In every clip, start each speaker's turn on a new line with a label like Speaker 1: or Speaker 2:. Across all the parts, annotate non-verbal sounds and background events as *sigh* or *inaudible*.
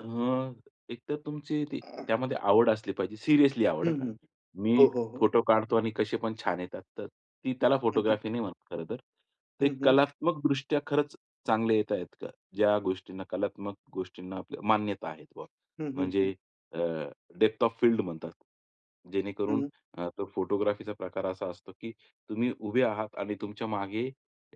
Speaker 1: अ, एक तर तुमची ती त्यामध्ये आवड असली पाहिजे, सिरियसली आवड
Speaker 2: हं,
Speaker 1: हं, का.
Speaker 2: हं. हो,
Speaker 1: मी
Speaker 2: हो, हो.
Speaker 1: फोटो काढतो आणि कसे पण छान येतात, तर ती त्याला
Speaker 2: हं, हं.
Speaker 1: फोटोग्राफी नाही म्हणत खरं तर.
Speaker 2: हं,
Speaker 1: ते
Speaker 2: हं.
Speaker 1: कलात्मकदृष्ट्या खरंच चांगले येत आहेत का? ज्या गोष्टींना कलात्मक गोष्टींना आपल्या मान्यता आहेत बा
Speaker 2: हं, हं, हं.
Speaker 1: म्हणजे अ, डेप्थ ऑफ फील्ड म्हणतात. जेणेकरून
Speaker 2: हं.
Speaker 1: अ, तो फोटोग्राफीचा प्रकार असा असतो, की तुम्ही उभे आहात आणि तुमच्या मागे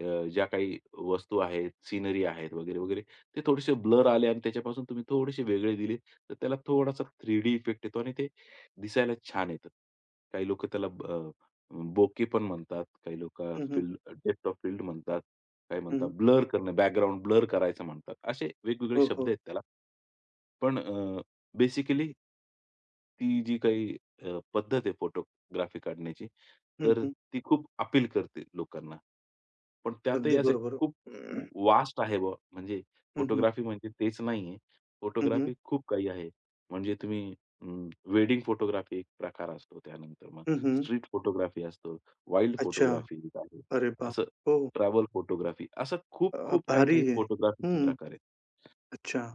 Speaker 1: अ, ज्या काही वस्तू आहेत, सीनरी आहेत वगैरे-वगैरे, ते थोडेसे ब्लर आले आणि त्याच्यापासून तुम्ही थोडेसे वेगळे दिले, तर त्याला थोडासा 3D इफेक्ट येतो आणि ते दिसायला छान येतं. काही लोकं त्याला ब अ, बोके पण म्हणतात. काही लोकं
Speaker 2: हं, हं.
Speaker 1: स्टील "डेप्थ ऑफ फील्ड" म्हणतात. काही म्हणतात
Speaker 2: हं.
Speaker 1: ब्लर करणे, बॅकग्राऊंड ब्लर करायचं म्हणतात. असे वेगवेगळे
Speaker 2: हो,
Speaker 1: शब्द
Speaker 2: हो.
Speaker 1: आहेत त्याला. पण अ, बेसिकली ती जी काही अ, पद्धत आहे फोटोग्राफी काढण्याची,
Speaker 2: हं,
Speaker 1: तर
Speaker 2: हं.
Speaker 1: ती खूप अपील करते लोकांना. पण त्यातही
Speaker 2: अगदी
Speaker 1: असे
Speaker 2: बरोबर.
Speaker 1: खूप
Speaker 2: *clears throat*
Speaker 1: वास्ट आहे बा म्हणजे
Speaker 2: हं, हं.
Speaker 1: फोटोग्राफी म्हणजे तेच नाहीये.
Speaker 2: हं, हं.
Speaker 1: फोटोग्राफी खूप काही आहे. म्हणजे तुम्ही अं, वेडिंग फोटोग्राफी एक प्रकार असतो, त्यानंतर मग
Speaker 2: हं, हं.
Speaker 1: स्ट्रीट फोटोग्राफी असतो, वाईल्ड
Speaker 2: अच्छा.
Speaker 1: फोटोग्राफी एक आहे.
Speaker 2: अरे बाप!
Speaker 1: असं
Speaker 2: हो.
Speaker 1: ट्रॅव्हल फोटोग्राफी असं खूप
Speaker 2: अ,
Speaker 1: खूप,
Speaker 2: भारी
Speaker 1: काही-काही
Speaker 2: आहे.
Speaker 1: फोटोग्राफीचे
Speaker 2: हं.
Speaker 1: प्रकार आहेत.
Speaker 2: अच्छा.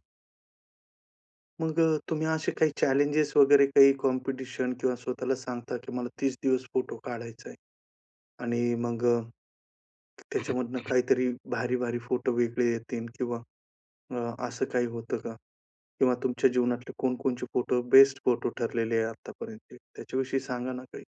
Speaker 2: मग अ, तुम्ही असे काही चॅलेंजेस वगैरे काही, कॉम्पिटिशन किंवा स्वतःला सांगता, की मला 30 दिवस फोटो काढायच आहे. आणि मग अ, त्याच्यामधून
Speaker 1: *clears throat*
Speaker 2: काहीतरी भारी-भारी फोटो वेगळे येतील किंवा अ, असं काही होतं का? किंवा तुमच्या जीवनातले कोणकोणचे फोटो बेस्ट फोटो ठरलेले आहेत आत्तापर्यंत ते. त्याच्याविषयी सांगा ना काही.